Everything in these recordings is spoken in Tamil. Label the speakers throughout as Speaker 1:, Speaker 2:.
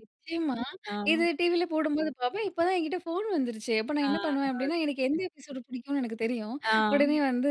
Speaker 1: நிச்சயமா.
Speaker 2: ஆ.
Speaker 1: இது டிவியில போடும்போது பார்ப்பேன். இப்போ தான் என்கிட்ட ஃபோன் வந்துருச்சே. அப்போ நான்
Speaker 2: ஆ
Speaker 1: என்ன பண்ணுவேன் அப்படின்னா, எனக்கு எந்த
Speaker 2: ஓகே.
Speaker 1: எபிசோடு பிடிக்கும்னு எனக்கு தெரியும்,
Speaker 2: ஆ.
Speaker 1: உடனே வந்து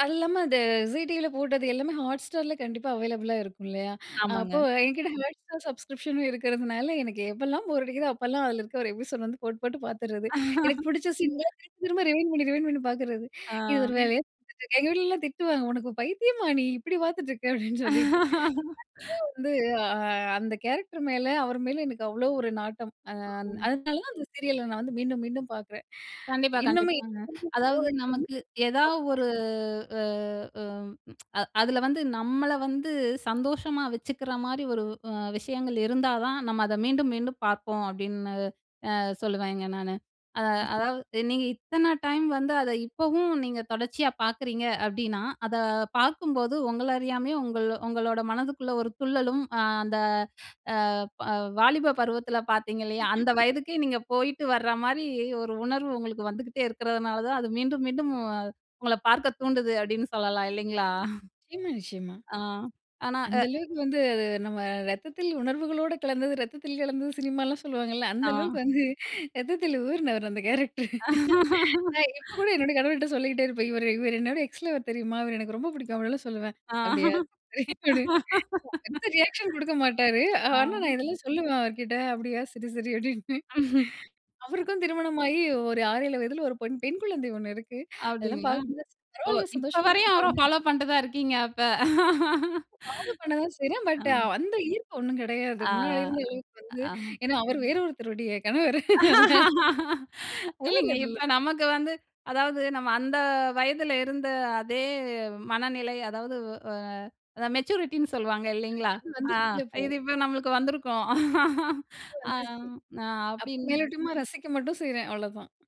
Speaker 1: அது இல்லாம அந்த விஜய் டிவியில போட்டது எல்லாமே Hotstarல கண்டிப்பா அவைலபுளா இருக்கும். இல்லையா? அப்போ
Speaker 2: ஆமாங்க.
Speaker 1: என்கிட்ட Hotstar சப்ஸ்க்ரிப்ஷனும் இருக்கிறதுனால, எனக்கு எப்போலாம் போர் அடிக்குதோ அப்போலாம் அதில இருக்கற ஒரு எபிசோடு வந்து போட்டு போட்டு பார்த்துடுறது. எனக்கு பிடிச்ச சீன்லாம் திரும்ப திரும்ப ரிவைண்ட் பண்ணி ரிவைண்ட் பண்ணி பார்க்குறது.
Speaker 2: ஆ.
Speaker 1: இது ஒரு வேலைய செஞ்சிட்ருக்கேன். எங்க வீட்ல எல்லாம் திட்டுவாங்க. "உனக்கு பைத்தியமா நீ இப்படி பார்த்துட்டு இருக்கே." அப்படின்னு சொல்லிட்டு. கண்டிப்பா வந்து அ அ அந்த கேரக்டர் மேல அவர் மேல எனக்கு அவ்வளோ ஒரு நாட்டம். அ
Speaker 2: ஆங்.
Speaker 1: அதனால தான் அந்த சீரியல் நான் வந்து மீண்டும் மீண்டும் பார்க்கறேன்.
Speaker 2: கண்டிப்பா,
Speaker 1: இன்னுமே
Speaker 2: கண்டிப்பாங்க. அதாவது நமக்கு ஏதாவது
Speaker 1: [unintelligible]
Speaker 2: ஒரு அ அம் அது அதில வந்து நம்மள வந்து சந்தோஷமா வச்சுக்கிற மாரி ஒரு அ விஷயங்கள் இருந்தா தான் நம்ம அதை மீண்டும், மீண்டும் பார்ப்போம், அப்படின்னு அ சொல்லுவேங்க நானு. அத
Speaker 1: நிச்சய
Speaker 2: அதாவது நீங்க இத்தனை டைம் வந்து அதை இப்பவும் நீங்க தொடர்ச்சியா பார்க்குறீங்க அப்படினா, அதை பார்க்கும்போது உங்கள அறியாமலே உங்கள் உங்களோட மனதுக்குள்ளே ஒரு துள்ளலும் அ அந்த அ ப வாலிப பருவத்தில பார்த்திங்க இல்லையா, அந்த வயதுக்கே நீங்க போயிட்டு வர்ற மாரி ஒரு உணர்வு உங்களுக்கு வந்துகிட்டே இருக்கிறதுனால தான் அது மீண்டும், மீண்டும் உங்களை பார்க்க தூண்டுது. அப்படின்னு சொல்லலாம். இல்லைங்களா?
Speaker 1: நிச்சயமா, நிச்சயமா.
Speaker 2: ஆ ஆனா. அ.
Speaker 1: அந்த அளவுக்கு வந்து நம்ம "ரத்தத்தில் உணர்வுகளோடு கலந்தது இரத்தத்தில் கலந்தது சினிமாலாம்." சொல்லுவாங்கல்ல அந்த
Speaker 2: ஆ
Speaker 1: அளவுக்கு வந்து ரத்தத்தில் ஊறினவர் அந்த கேரக்டர். இப்ப கூட என்னுடைய கணவர்கிட்ட சொல்லிட்டே இருப்பேன். "இவரு இவரு என்னோட எக்ஸ் லவர் தெரியுமா? இவரு எனக்கு ரொம்ப பிடிக்கும்." அப்படி எல்லாம் சொல்லுவேன்.
Speaker 2: ஆ.
Speaker 1: "அப்படியா" [unintelligible] பெருசா ரியாக்ஷன் கொடுக்க மாட்டாரு.
Speaker 2: ஆ
Speaker 1: ஆனா, நான் இதெல்லாம் சொல்லுவேன் அவருகிட்ட "அப்படியா சரி சரி" அப்படின்னு.
Speaker 2: ம்ஹ்ம்.
Speaker 1: அவருக்கும் திருமணமாகி ஒரு 6, 7 வயதுல ஒரு பொன் பெண் குழந்தை ஒண்ணு இருக்கு. அதெல்லாம்
Speaker 2: அப்படிங்களா?
Speaker 1: பார்க்கும்போது
Speaker 2: ஓ!
Speaker 1: பரவாயில்ல
Speaker 2: இப்போ
Speaker 1: சந்தோஷமா
Speaker 2: வரையும்
Speaker 1: இருக்கட்டும்
Speaker 2: அவர
Speaker 1: அப்டின்னு.
Speaker 2: ஃபாலோ பண்ணிட்டு தான் இருக்கீங்க அப்ப.
Speaker 1: நானு பண்ண தான் செய்றேன். பட்
Speaker 2: ம்.
Speaker 1: அந்த ஈர்ப்பு ஒண்ணும் கிடையாது.
Speaker 2: ஆ.
Speaker 1: முன்னாடி இருந்த அ வந்து
Speaker 2: அ. அ,
Speaker 1: ஏன்னா அவர் வேற ஒருத்தருடைய கணவர் அதனால, தவறு
Speaker 2: இல்லைங்க. இப்ப
Speaker 1: அதெல்லாம்.
Speaker 2: நமக்கு வந்து அதாவது நம்ம அந்த வயதில இருந்த அதே மனநிலை அதாவது அ அதான் மெச்சூரிட்டின்னு சொல்லுவாங்க இல்லைங்களா?
Speaker 1: அது மாரி
Speaker 2: அ,
Speaker 1: வந்துடுச்சுல்ல இப்போ.
Speaker 2: இது இப்போ நம்மளுக்கு வந்துருக்கும்.
Speaker 1: எனக்கும்
Speaker 2: அ
Speaker 1: வந்துச்சு, அப்போ
Speaker 2: அப்படின்
Speaker 1: மேலோட்டமா ரசிக்க மட்டும் செய்றேன் அவ்ளோதான்.